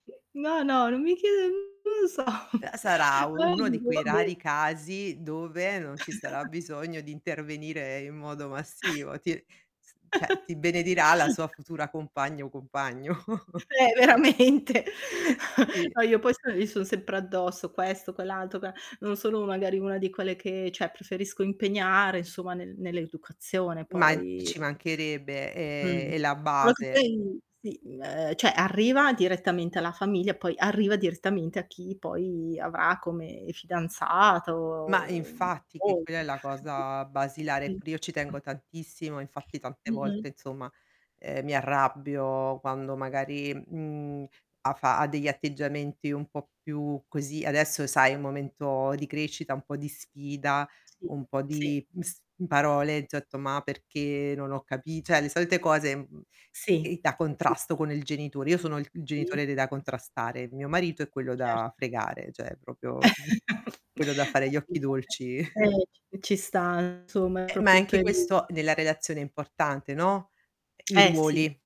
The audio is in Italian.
No, no, non mi chiede mhmm, non lo so. Uhm, sarà u uno di quei [unintelligible] rari casi dove non ci sarà bisogno di intervenire in modo massivo. Ti s cioè ti benedirà la sua futura compagna o compagno. Eh, veramente. Sì. No, io poi sono gli son sempre addosso, questo, quell'altro, qua non sono magari una di quelle che cioè preferisco impegnare insomma nel nell'educazione, Ma infatti poi ci mancherebbe, Mh. ehm, è la Solo che base. poi sì, ehm, cioè arriva direttamente alla famiglia, poi arriva direttamente a chi poi avrà come Ma fidanzato, mhmm, infatti, che o quella è la cosa basilare. Pure io ci [unintelligible] tengo tantissimo, infatti tante Mh-mh. volte insomma, ehm, mi arrabbio quando magari, mhmm, ha fa ha degli atteggiamenti un po' più così, adesso sai è un momento di crescita, un po' di sfida, Sì, un po' sì. di, mhmm, s mhmm, parole [unintelligible] "Ma perché, non ho capi" cioè le solite cose, mhmm, Sì, ehm, da sì, contrasto sì. con il genitore. Io sono il il Sì. genitore de da contrastare, mio marito è quello da Certo. fregare, cioè proprio quello da fare gli occhi [unintelligible] dolci. Eh, ci ci sta insomma, è Eh, ma proprio è il anche perio questo nella relazione è importante, no, ehm, i Eh, sì. ruoli.